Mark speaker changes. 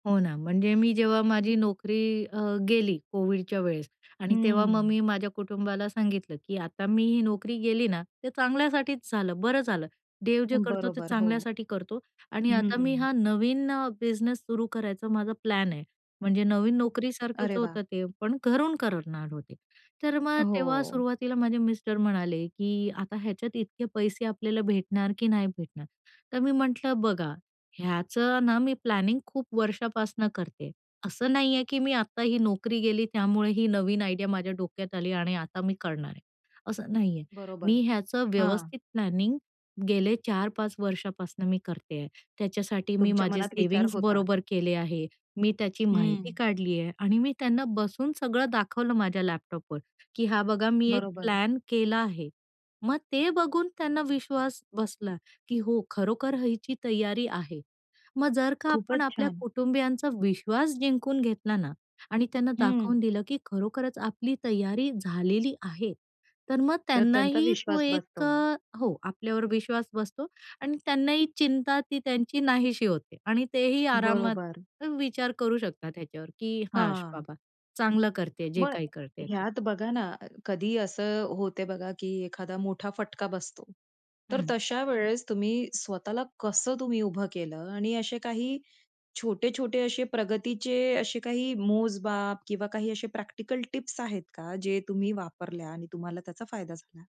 Speaker 1: हो ना. म्हणजे मी जेव्हा माझी नोकरी अ, गेली, कोविडच्या वेळेस आणि तेव्हा मग
Speaker 2: हं.
Speaker 1: मी माझ्या कुटुंबाला सांगितलं, की आता मी ही नोकरी गेली ना, ते चांगल्यासाठीच झालं, बरं झालं. देव जे करतो ते
Speaker 2: बरोबर, हो.
Speaker 1: चांगल्यासाठी करतो आणि आता मी
Speaker 2: हं.
Speaker 1: हा नवीन अ, बिझनेस सुरू करायचा माझा प्लॅन आहे. म्हणजे नवीन नोकरीसारखंच
Speaker 2: अरे वाह!
Speaker 1: होतं ते पण घरून करणार होते. तर मग तेव्हा
Speaker 2: हो.
Speaker 1: सुरुवातीला माझे मिस्टर म्हणाले, की आता ह्याच्यात इतके पैसे आपल्याला भेटणार की नाही भेटणार. तर मी म्हटलं बघा ह्याचं ना, मी प्लॅनिंग खूप वर्षापासून करते आहे, असं नाही आहे, की मी आता ही नोकरी गेली, त्यामुळे ही नवीन आयडिया माझ्या डोक्यात आली आणि आता मी करणार आहे, असं नाही आहे.
Speaker 2: बरोबर.
Speaker 1: मी ह्याचं
Speaker 2: हां.
Speaker 1: व्यवस्थित प्लॅनिंग गेले 4-5 वर्षापासून मी करते आहे. त्याच्यासाठी मी
Speaker 2: तुमच्या
Speaker 1: माझे
Speaker 2: मनात विचार
Speaker 1: सेव्हिंग्ज
Speaker 2: होता.
Speaker 1: बरोबर केले आहे, मी त्याची
Speaker 2: हं.
Speaker 1: माहिती काढली आहे आणि मी त्यांना बसून सगळं दाखवलं माझ्या लॅपटॉपवर की हा बघा मी एक
Speaker 2: बरोबर.
Speaker 1: प्लॅन केला आहे. मग ते बघून त्यांना विश्वास बसला, की हो खरोखर हिची तयारी आहे. मग जर का आपण
Speaker 2: खूपच
Speaker 1: आपल्या
Speaker 2: छान.
Speaker 1: कुटुंबियांचा विश्वास जिंकून घेतला ना, आणि त्यांना दाखवून
Speaker 2: हं.
Speaker 1: दिलं, की खरोखरच आपली तयारी झालेली आहे. तर मग
Speaker 2: तर त्यांचा
Speaker 1: त्यांनाही तो
Speaker 2: विश्वास
Speaker 1: एक
Speaker 2: बसतो.
Speaker 1: अ, हो आपल्यावर विश्वास बसतो आणि त्यांनाही चिंता ती त्यांची नाहीशी होते आणि तेही आरामात
Speaker 2: बरोबर.
Speaker 1: विचार करू शकतात ह्याच्यावर, की हाश
Speaker 2: हां.
Speaker 1: बाबा चांगलं करते आहे जे
Speaker 2: म
Speaker 1: काही करते ते.
Speaker 2: ह्यात बघा ना अ, कधी असं होते बघा, की एखादा मोठा फटका बसतो. तर
Speaker 1: हं.
Speaker 2: तशा वेळेस तुम्ही स्वतःला कसं तुम्ही उभं केलं आणि असे काही छोटे-छोटे असे प्रगतीचे असे काही मोजमाप किंवा काही असे प्रॅक्टिकल टिप्स आहेत का जे तुम्ही वापरल्या आणि तुम्हाला त्याचा फायदा झाला.